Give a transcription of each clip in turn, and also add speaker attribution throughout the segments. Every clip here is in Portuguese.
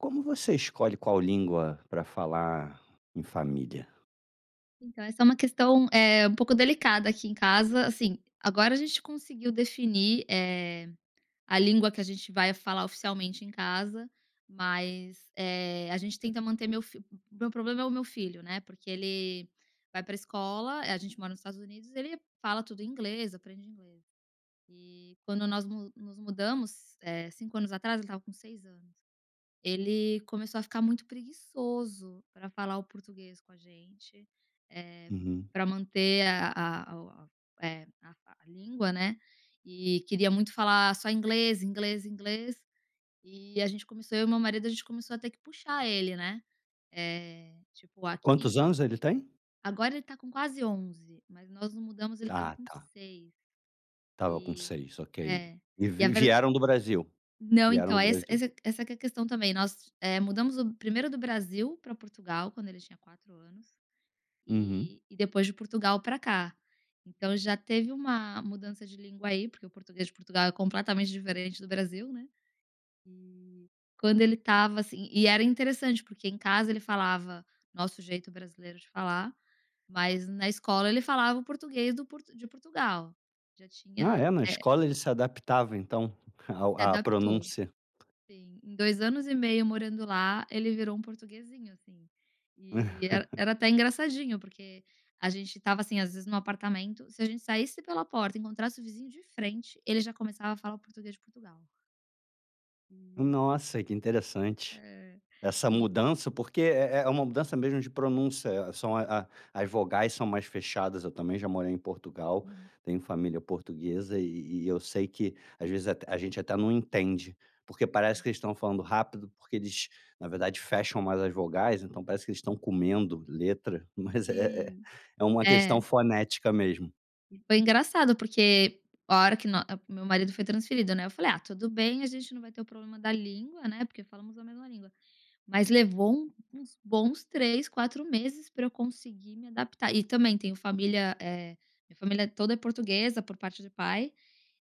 Speaker 1: Como você escolhe qual língua para falar em família?
Speaker 2: Então essa é uma questão, eh, um pouco delicada aqui em casa, assim, agora a gente conseguiu definir, eh, a língua que a gente vai falar oficialmente em casa, mas, eh, a gente tenta manter meu fi meu problema é o meu filho, né. Porque ele vai pra escola a gente mora nos Estados Unidos, ele fala tudo inglês, aprende inglês. E quando nós no nos mudamos, eh, 5 anos atrás, ele estava com 6 anos, ele começou a ficar muito preguiçoso pra falar o português com a gente, eh,
Speaker 1: Uhum.
Speaker 2: pra manter a a a o a é a a língua, né e queria muito falar só inglês, inglês, inglês, e a gente começou eu e meu marido a gente começou a ter que puxar ele, né. Eh, tipo
Speaker 1: Quantos
Speaker 2: aqui
Speaker 1: anos ele tem?
Speaker 2: agora ele tá com quase 11, mas nós nos mudamos ele estava
Speaker 1: Tá,
Speaker 2: com
Speaker 1: tá.
Speaker 2: 6.
Speaker 1: Estava com
Speaker 2: E,
Speaker 1: 6, ok.
Speaker 2: é,
Speaker 1: E
Speaker 2: e a
Speaker 1: vi
Speaker 2: ver
Speaker 1: vieram do Brasil?
Speaker 2: Não,
Speaker 1: Vieram
Speaker 2: então,
Speaker 1: do
Speaker 2: é esse
Speaker 1: Brasil.
Speaker 2: essa essa que é a questão também, nós, eh, mudamos o primeiro do Brasil pra Portugal quando ele tinha 4 anos,
Speaker 1: Uhum.
Speaker 2: e e depois de Portugal pra cá. Então já teve uma mudança de língua aí, porque o português de Portugal é completamente diferente do Brasil, né. E quando ele estava assim e era interessante porque em casa ele falava nosso jeito brasileiro de falar, mas na escola ele falava o português do Port de Portugal, já
Speaker 1: Ah,
Speaker 2: tinha,
Speaker 1: é? Na
Speaker 2: é
Speaker 1: escola ele se adaptava, então, ao
Speaker 2: Se
Speaker 1: à
Speaker 2: adaptou.
Speaker 1: pronúncia.
Speaker 2: Sim, em 2 anos e meio morando lá, ele virou um portuguezinho assim. E era era até engraçadinho porque a gente estava assim, às vezes, no apartamento, se a gente saísse pela porta e encontrasse o vizinho de frente, ele já começava a falar português de Portugal. E
Speaker 1: Nossa que interessante,
Speaker 2: É.
Speaker 1: essa
Speaker 2: E
Speaker 1: mudança porque é é uma mudança mesmo de pronúncia, são a as vogais são mais fechadas, eu também já morei em Portugal,
Speaker 2: Hum.
Speaker 1: tenho família portuguesa e e eu sei que às vezes até a gente até não entende. Porque parece que eles estão falando rápido porque eles, na verdade fecham mais as vogais, então parece que eles estão comendo letra, mas é
Speaker 2: Sim,
Speaker 1: é uma
Speaker 2: é.
Speaker 1: questão fonética mesmo.
Speaker 2: E, foi engraçado porque a hora que nó o meu marido foi transferido, né? Eu falei: "Ah, tudo bem, a gente não vai ter o problema da língua, né? Porque falamos a mesma língua," mas levou uns bons 3, 4 meses pra eu conseguir me adaptar, e também tenho família eh, minha família toda é portuguesa por parte de pai,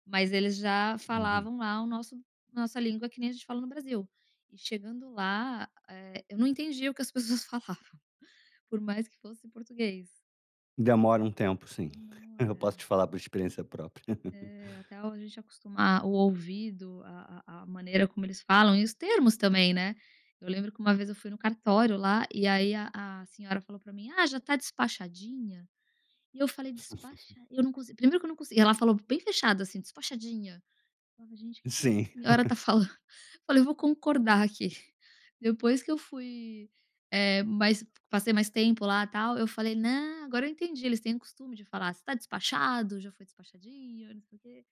Speaker 2: mas eles já
Speaker 1: Uhum.
Speaker 2: falavam lá o nosso nossa língua que nem a gente fala no Brasil, e chegando lá, eh, eu não entendi o que as pessoas falavam, por mais que fosse português.
Speaker 1: Demora um tempo, sim. Eu posso
Speaker 2: Demora.
Speaker 1: te falar por experiência própria.
Speaker 2: É até a gente acostumar o ouvido a a a maneira como eles falam e os termos também, né? Eu lembro que uma vez eu fui no cartório lá e aí a a senhora falou pra mim: "Ah, já tá despachadinha?" E eu falei: "Despacha" eu nunca usei, primeiro que eu nunca consegui, ela falou bem fechada assim: "Despachadinha". Falava: "Gente o que que essa
Speaker 1: Sim.
Speaker 2: senhora está falando? Olha, eu vou concordar aqui." Depois que eu fui eh, mas passei mais tempo lá tal, eu falei: "Não, agora eu entendi," eles têm o costume de falar "você está despachado? Já foi despachadinho, não sei o quê."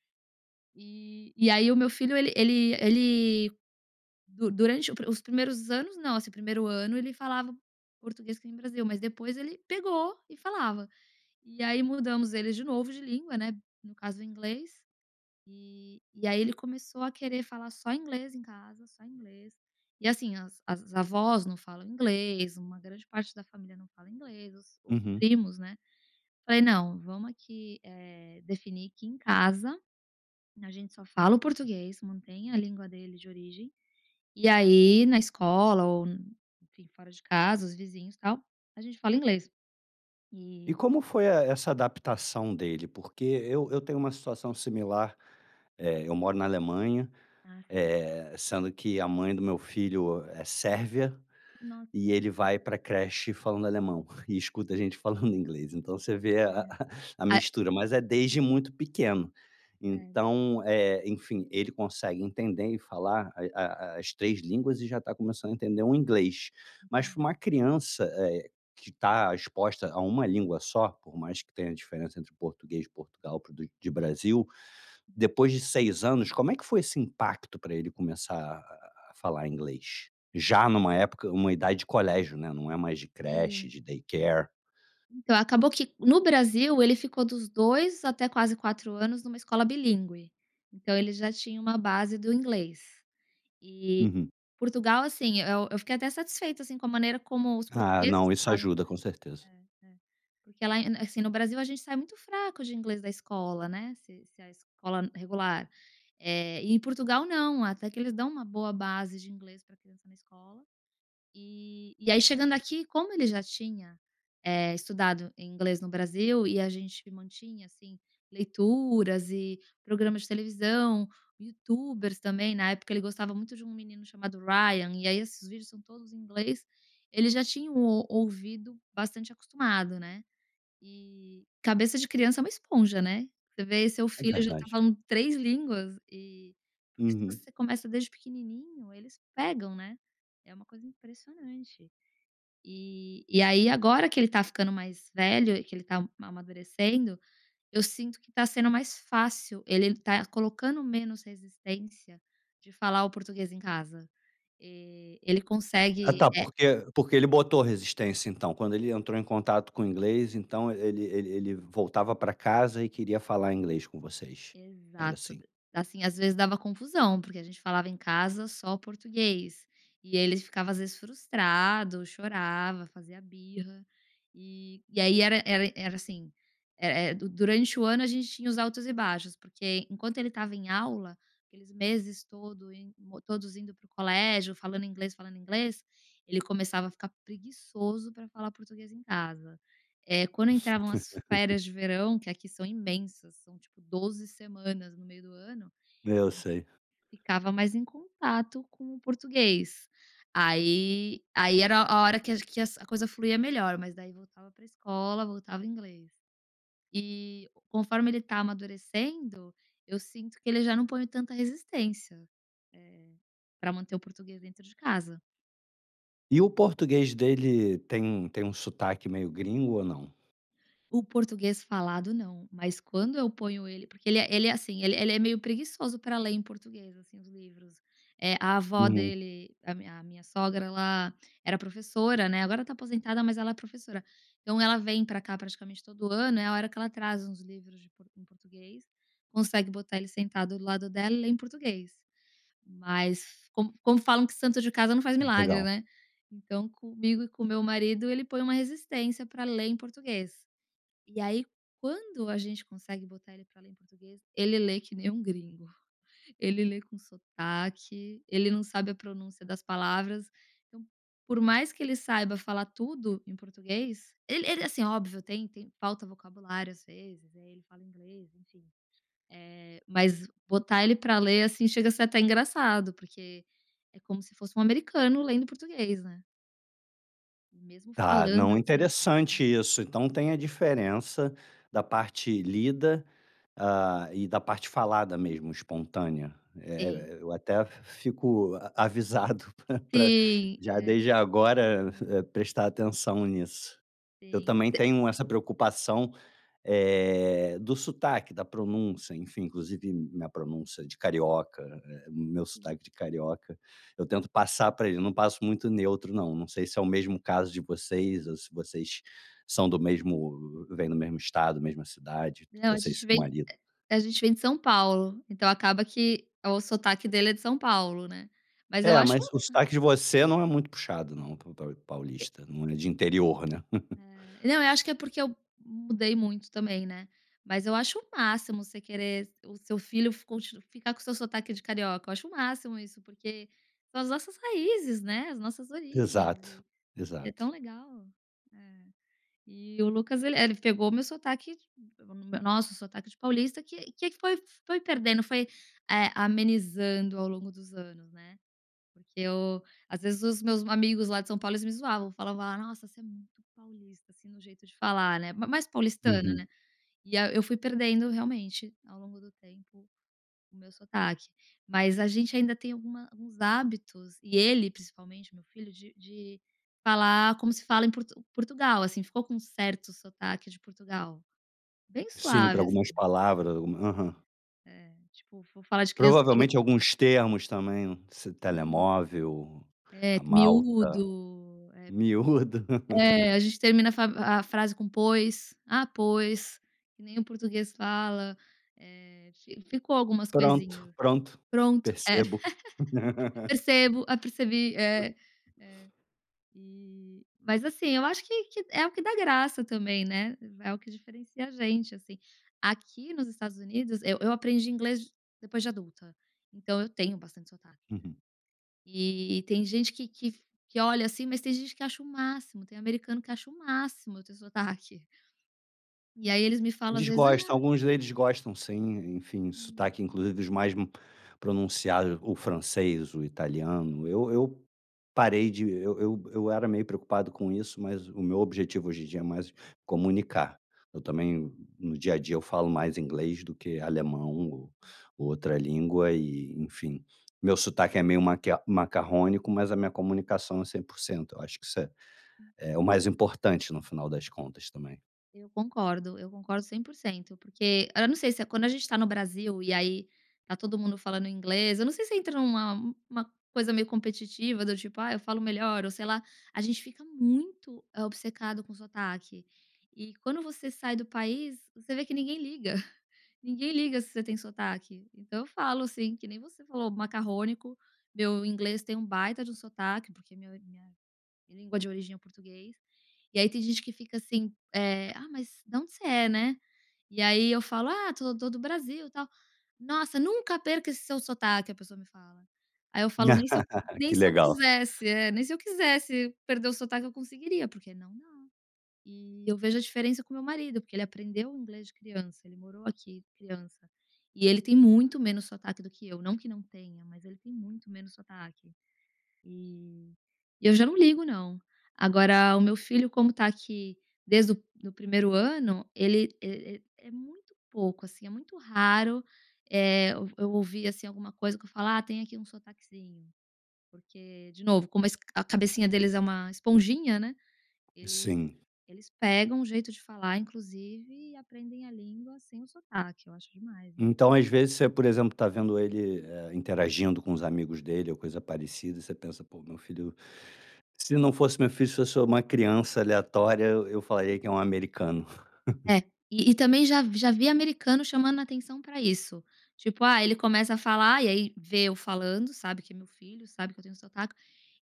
Speaker 2: Eh, e aí o meu filho ele ele ele, du durante o os primeiros anos não, assim, primeiro ano ele falava português que nem o Brasil, mas depois ele pegou e falava. E aí mudamos ele de novo de língua, né, no caso o inglês, eh, e aí ele começou a querer falar só inglês em casa, só inglês, e assim as as avós não falam inglês, uma grande parte da família não fala inglês, os os
Speaker 1: Uhum.
Speaker 2: primos, né. Falei: "Não, vamos aqui é definir que em casa, a gente só fala o português, mantém a língua dele de origem, e aí na escola ou enfim fora de casa os vizinhos tal, a gente fala inglês."
Speaker 1: E
Speaker 2: E
Speaker 1: como foi é é essa adaptação, dele? Porque eu eu tenho uma situação similar. É eu moro na Alemanha,
Speaker 2: Ah, certo.
Speaker 1: eh, sendo que a mãe do meu filho é sérvia,
Speaker 2: Nossa.
Speaker 1: e ele
Speaker 2: É.
Speaker 1: vai pra creche falando alemão, e escuta a gente falando em inglês. Então você vê a a
Speaker 2: Aham.
Speaker 1: a
Speaker 2: [unintelligible]
Speaker 1: mistura, mas é desde muito pequeno.
Speaker 2: Certo.
Speaker 1: Então é enfim ele consegue entender e falar ai a a as as 3 línguas e já está começando a entender o inglês,
Speaker 2: Isso
Speaker 1: mas
Speaker 2: eu
Speaker 1: pra
Speaker 2: já
Speaker 1: uma criança e e que tá exposta a uma língua só, por mais que tenha diferença entre português de Portugal para o de Brasil, depois de 6 anos como é que foi esse impacto pra ele começar a a a falar inglês? Já numa época uma idade de colégio, né, não é mais de creche
Speaker 2: Sim.
Speaker 1: de daycare.
Speaker 2: Então acabou que no Brasil ele ficou dos 2 até quase 4 anos numa escola bilíngue, então ele já tinha uma base do inglês. E
Speaker 1: Uhum.
Speaker 2: Portugal, assim, eu eu fiquei até satisfeita assim com a maneira como os
Speaker 1: Ah
Speaker 2: portugueses
Speaker 1: não, isso
Speaker 2: falam
Speaker 1: ajuda, com certeza.
Speaker 2: inglês É é. Porque porque lá é assim, no Brasil a gente sai muito fraco de inglês da escola, né, se se a escola regular, é e em Portugal não, até que eles dão uma boa base de inglês pra criança na escola, eh, e aí chegando aqui como ele já tinha é estudado inglês no Brasil, e a gente mantinha assim leituras e programas de televisão, youtubers também, na época ele gostava muito de um menino chamado Ryan, e aí esses vídeos são todos em inglês, ele já tinham um o ouvido bastante acostumado, né. E cabeça de criança é uma esponja, né? Você vê seu
Speaker 1: É
Speaker 2: filho já tá
Speaker 1: verdade.
Speaker 2: falando 3 línguas e porque se
Speaker 1: Uhum.
Speaker 2: você começa desde pequenininho eles pegam, né? É uma coisa impressionante. Eh, e aí agora que ele tá ficando mais velho e que ele tá ma amadurecendo, eu sinto que tá sendo mais fácil ele tá colocando menos resistência de falar o português em casa. Eh, ele
Speaker 1: Ah
Speaker 2: consegue
Speaker 1: tá,
Speaker 2: é
Speaker 1: por que por que ele botou resistência, então? quando ele entrou em contato com o inglês, então ele ele ele voltava pra casa e queria falar inglês com vocês? Era
Speaker 2: Exato,
Speaker 1: assim?
Speaker 2: assim às vezes dava confusão porque a gente falava em casa só o português, e ele ficava às vezes frustrado, chorava, fazia birra, e e aí era era era assim, era é du durante o ano a gente tinha os altos e baixos, porque enquanto ele estava em aula, aqueles meses todo em todos indo para o colégio, falando inglês, falando inglês, ele começava a ficar preguiçoso pra falar português em casa. É quando entravam as férias de verão, que aqui são imensas, são tipo 12 semanas no meio do ano
Speaker 1: Eu sei.
Speaker 2: ficava mais em contato com o português. Aí aí era a hora que ach que a que coisa fluía melhor mas daí voltava pra escola, voltava o inglês. E conforme ele tá amadurecendo, eu sinto que ele já não põe tanta resistência, eh, pra manter o português dentro de casa.
Speaker 1: E o português dele tem tem um sotaque meio gringo ou não?
Speaker 2: O português falado não, mas quando eu ponho ele porque ele é ele é assim, ele é ele é meio preguiçoso pra ler em português, assim, os livros. Eh, a avó
Speaker 1: Uhum.
Speaker 2: dele, a a minha sogra ela era professora, né, agora tá aposentada mas ela é professora, então ela vem pra cá praticamente todo ano é a hora que ela traz uns livros de em português, consegue botar ele sentado do lado dela e ler em português. Mas como como falam que santo de casa não faz
Speaker 1: Ah,
Speaker 2: milagre,
Speaker 1: Legal.
Speaker 2: né? Então comigo e com meu marido ele põe uma resistência pra ler em português. E aí quando a gente consegue botar ele pra ler em português, ele lê que nem um gringo. Ele lê com sotaque, ele não sabe a pronúncia das palavras, então por mais que ele saiba falar tudo em português ele ele, assim, óbvio tem tem falta vocabulário às vezes, aí ele fala inglês enfim. Eh, mas botar ele pra ler, assim, chega a ser até engraçado, porque é como se fosse um americano lendo português, né. Mesmo
Speaker 1: Tá,
Speaker 2: falando
Speaker 1: não
Speaker 2: assim É.
Speaker 1: interessante isso. Então, tem a diferença da parte lida, hã, e da parte falada mesmo, espontânea. É
Speaker 2: Sim.
Speaker 1: é e eu até fico a avisado pra pra
Speaker 2: Sim,
Speaker 1: já
Speaker 2: é
Speaker 1: desde agora
Speaker 2: [unintelligible]
Speaker 1: prestar atenção nisso. Eu
Speaker 2: Sim.
Speaker 1: também tenho essa preocupação, eh, do sotaque, da pronúncia, enfim inclusive minha pronúncia de carioca, eh, meu
Speaker 2: Hum.
Speaker 1: sotaque de carioca, eu tento
Speaker 2: Uhum.
Speaker 1: passar para ele, eu não passo muito neutro não, não sei se é o mesmo caso de vocês ou se vocês são do mesmo vêm do mesmo estado, mesma cidade,
Speaker 2: Não, a
Speaker 1: você e
Speaker 2: gente
Speaker 1: seu
Speaker 2: vem
Speaker 1: marido.
Speaker 2: a gente vem de São Paulo, então acaba que o sotaque dele é de São Paulo, né, mas eu
Speaker 1: É,
Speaker 2: acho
Speaker 1: mas
Speaker 2: um
Speaker 1: o sotaque de você não é muito puxado não, pa para um
Speaker 2: E
Speaker 1: paulista, não é de interior, né?
Speaker 2: É. Não eu acho que é porque eu mudei muito também, né, mas eu acho o máximo você querer o seu filho f conti ficar com o seu sotaque de carioca, eu acho o máximo isso, porque são as nossas raízes, né, as nossas origens
Speaker 1: Exato,
Speaker 2: e e é
Speaker 1: exato.
Speaker 2: tão legal, né. E o Lucas ele é, ele pegou meu sotaque pegou no meu nosso sotaque de paulista que que que foi foi perdendo, foi, eh, amenizando ao longo dos anos, né. Porque eu, às vezes os meus amigos lá de São Paulo eles me zoavam, falavam: "Nossa você é muito paulista" assim, no jeito de falar, né, mas mais paulistano, né.
Speaker 1: Uhum.
Speaker 2: E a eu fui perdendo realmente, ao longo do tempo, o meu sotaque. Mas a gente ainda tem alguma alguns hábitos, e ele principalmente meu filho, de de falar como se fala em Por Portugal, assim, ficou com um certo sotaque de Portugal. Bem
Speaker 1: Sim, para
Speaker 2: suave, assim.
Speaker 1: algumas palavras. Algu Aham.
Speaker 2: É, é tipo, vou falar de criança
Speaker 1: Provavelmente alguns termos também, esse
Speaker 2: [unintelligible]
Speaker 1: telemóvel,
Speaker 2: É
Speaker 1: a malta,
Speaker 2: miúdo, eh
Speaker 1: miúda.
Speaker 2: é a gente termina a a frase com pois, "ah pois," que nem o português fala, eh, fi ficou algumas
Speaker 1: Pronto,
Speaker 2: coisinhas.
Speaker 1: pronto,
Speaker 2: Pronto, é.
Speaker 1: percebo.
Speaker 2: Percebo, percebi, é, é, e mas assim, eu acho que que é o que dá graça também, né. É o que diferencia a gente, assim. Aqui nos Estados Unidos eu eu aprendi inglês depois de adulta, então eu tenho bastante sotaque, né.
Speaker 1: Uhum.
Speaker 2: E tem gente que que que olha assim, mas tem gente que acha o máximo, tem americano que acha o máximo eu ter sotaque. E aí eles me falam às
Speaker 1: Eles
Speaker 2: vezes, "ah"
Speaker 1: gostam, alguns deles gostam sim, enfim, o
Speaker 2: Hum.
Speaker 1: sotaque inclusive os mais pronunciado o francês, o italiano, eu eu parei de eu eu era meio preocupado com isso mas o meu objetivo hoje em dia é mais comunicar. Eu
Speaker 2: Sim.
Speaker 1: também, no dia a dia eu falo mais inglês do que alemão ou outra língua e, enfim, meu sotaque é meio maca macarrônico mas a minha comunicação é 100%. Eu acho que isso é é o mais importante no final das contas também.
Speaker 2: Eu concordo, eu concordo 100% porque eu não sei se é quando a gente tá no Brasil e aí tá todo mundo falando inglês, eu não sei se entra numa uma coisa meio competitiva do tipo: "Ah, eu falo melhor ou sei lá," a gente fica muito obcecado com o sotaque. E quando você sai do país, você vê que ninguém liga, ninguém liga se você tem sotaque, então eu falo assim que nem você falou macarrônico, meu inglês tem um baita de um sotaque porque minha minha língua de origem é o português. E aí tem gente que fica assim, eh, "Ah, mas da onde você é, né?" E aí eu falo: "Ah, sou to do Brasil tal" "Nossa nunca perca esse seu sotaque" a pessoa me fala. Aí eu falo: "Nem se eu nem
Speaker 1: Que
Speaker 2: se eu
Speaker 1: legal.
Speaker 2: quisesse" É, nem se eu quisesse perder o sotaque eu conseguiria porque não, não. E eu vejo a diferença com o meu marido porque ele aprendeu inglês de criança, ele morou aqui criança, e ele tem muito menos sotaque do que eu, não que não tenha, mas ele tem muito menos sotaque. E e eu já não ligo não. Agora o meu filho como tá aqui desde do do primeiro ano, ele é é é muito pouco assim, é muito raro, eh, eu ouvir assim alguma coisa que eu falo ah tem aqui sotaquezinho. Porque, de novo, como a a cabecinha deles é uma esponjinha, né, ele
Speaker 1: Sim.
Speaker 2: eles pegam o jeito de falar inclusive e aprendem a língua sem o sotaque, eu acho demais.
Speaker 1: Então às vezes você, por exemplo, tá vendo ele, eh, interagindo com os amigos dele ou coisa parecida, você pensa, "pô, meu filho, se não fosse meu filho, se eu sou uma criança aleatória, eu eu falaria que é um americano."
Speaker 2: É, e e também já vi já vi americano chamando atenção pra isso. Tipo, ah, ele começa a falar e aí vê eu falando sabe que é meu filho, sabe que eu tenho sotaque,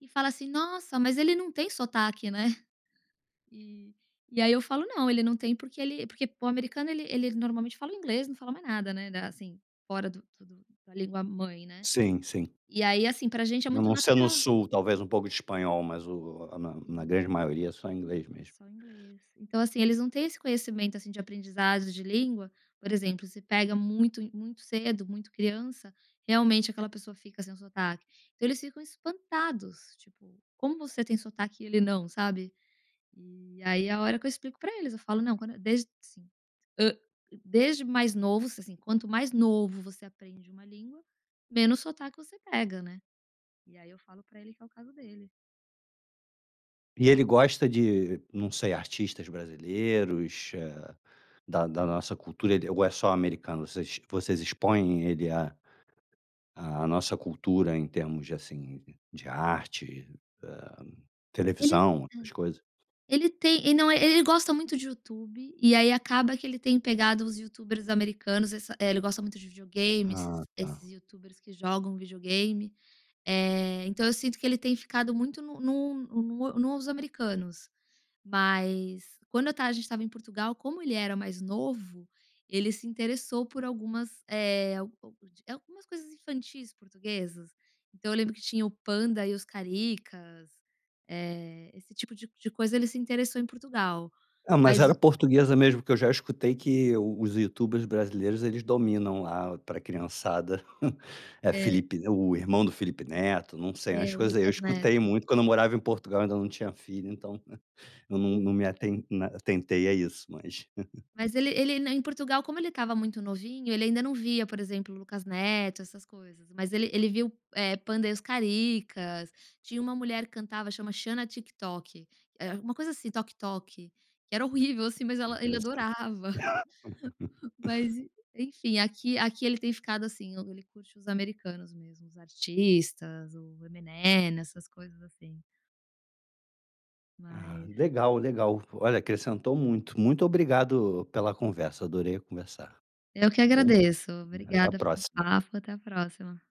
Speaker 2: e fala assim: "Nossa, mas ele não tem sotaque, né?" E, e aí eu falo: "Não ele não tem porque ele" porque o americano ele ele normalmente fala o inglês não fala mais nada, né, assim fora do do da língua mãe, né?
Speaker 1: Sim, sim.
Speaker 2: E aí assim pra gente é
Speaker 1: A
Speaker 2: muito
Speaker 1: não ser no
Speaker 2: natural.
Speaker 1: sul, talvez um pouco de espanhol, mas o a na na
Speaker 2: Sim.
Speaker 1: grande maioria só inglês
Speaker 2: É
Speaker 1: mesmo.
Speaker 2: só inglês. Então assim, eles não têm esse conhecimento assim de aprendizagem de língua, por exemplo, se pega muito e muito cedo, muito criança, realmente aquela pessoa fica sem sotaque. Então eles ficam espantados, tipo, como você tem sotaque e ele não, sabe? E aí é a hora que eu explico pra eles, eu falo: "Não quando desde assim, hã, desde mais novo s assim quanto mais novo você aprende uma língua, menos sotaque você pega, né." E aí eu falo pra ele que é o caso dele.
Speaker 1: E ele gosta de não sei, artistas brasileiros, eh, da da nossa cultura, ele ou é só americano, vocês vocês expõe ele à à nossa cultura em termos de assim de arte, eh,
Speaker 2: Ele,
Speaker 1: televisão,
Speaker 2: hã
Speaker 1: essas
Speaker 2: Ele
Speaker 1: coisas?
Speaker 2: ele tem e não é ele gosta muito de Youtube, e aí acaba que ele tem pegado os youtubers americanos, essa ele gosta muito de videogame esses
Speaker 1: Ah tá.
Speaker 2: esses youtubers que jogam videogame, eh, então eu sinto que ele tem ficado muito no no no nos americanos, mas quando eu estava a gente estava em Portugal como ele era mais novo, ele se interessou por algumas eh [unintelligible] Algumas coisas infantis portuguesas, então eu lembro que tinha o Panda e os Caricas, eh, esse tipo de de coisa ele se interessou em Portugal.
Speaker 1: Não, mas
Speaker 2: Mas
Speaker 1: era
Speaker 2: o
Speaker 1: portuguesa mesmo? Porque eu já escutei que os youtubers brasileiros eles dominam lá pra criançada. É
Speaker 2: É.
Speaker 1: Felipe, o irmão do Felipe Neto, não sei, umas
Speaker 2: É o
Speaker 1: coisas aí eu
Speaker 2: Lucas
Speaker 1: escutei
Speaker 2: Neto.
Speaker 1: muito, quando eu morava em Portugal e ainda não tinha filho então, eu não
Speaker 2: Sim.
Speaker 1: não me aten atentei a isso, mas
Speaker 2: Mas ele ele em Portugal como ele estava muito novinho, ele ainda não via por exemplo o Lucas Neto, essas coisas, mas ele ele viu, eh, Panda e os Caricas, tinha uma mulher que cantava chama Xana Tik Tok, eh, era alguma coisa assim Toc Toc, que era horrível assim, mas
Speaker 1: É
Speaker 2: ela ele
Speaker 1: interessante.
Speaker 2: adorava, mas en enfim aqui aqui ele tem ficado assim, ele curte os americanos mesmo, os artistas, o Eminem, essas coisas assim.
Speaker 1: Ah
Speaker 2: Mas
Speaker 1: legal, legal. Olha, acrescentou muito. Muito obrigado pela conversa, adorei conversar.
Speaker 2: Eu que
Speaker 1: Tá bom?
Speaker 2: agradeço,
Speaker 1: Até a
Speaker 2: obrigada pelo
Speaker 1: próxima.
Speaker 2: papo, até a próxima.